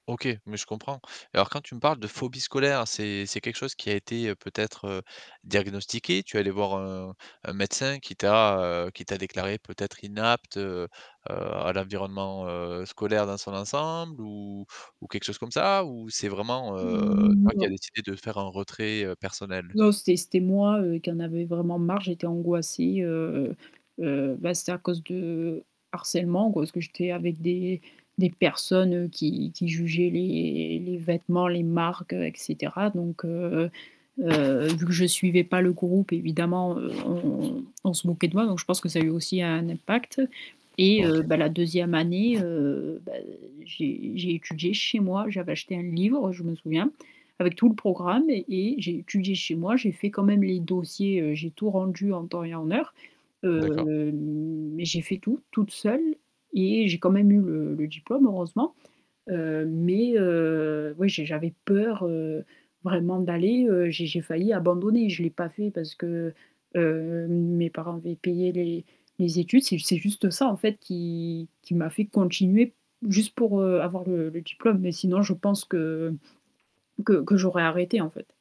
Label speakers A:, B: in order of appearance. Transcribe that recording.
A: OK, mais je comprends. Alors quand tu me parles de phobie scolaire, c'est c'est quelque chose qui a été peut-être, heu, diagnostiqué? Tu es allée voir un un médecin qui t'a, heu, qui t'a déclarée peut-être inapte, heu, heu, à l'environnement, heu, scolaire dans son ensemble ou ou quelque chose comme ça ou c'est vraiment, heu,
B: Mmh
A: toi qui a
B: non.
A: décidé de faire un retrait, heu, personnel?
B: Non, c'était c'était moi, heu, qui en avait vraiment marre, j'étais angoissée, heu, heu, bah, c'était à cause de harcèlement, g ce que j'étais avec des des personnes qui qui jugeaient les les vêtements, les marques, et cetera, donc heu, heu, vu que je suivais pas le groupe évidemment, heu, on on se moquait de moi, donc je pense que ça a eu aussi un impact et
A: OK.
B: heu, bah, la 2e année, heu, bah, j'ai j'ai étudié chez moi, j'avais acheté un livre, je me souviens, avec tout le programme et j'ai étudié chez moi, j'ai fait quand même les dossiers, heu, j'ai tout rendu en temps et en heure, heu,
A: D'accord.
B: mais j'ai fait tout toute seule et j'ai quand même eu le le diplôme heureusement, heu, mais heu, oui j'ai j'avais peur, heu, vraiment d'aller, heu, j'ai j'ai failli abandonner, je l'ai pas fait parce que, heu, mes parents avaient payé les les études, c'est c'est juste ça en fait qui qui m'a fait continuer p juste pour, heu, avoir le le diplôme, mais sinon je pense que que que j'aurais arrêté en fait.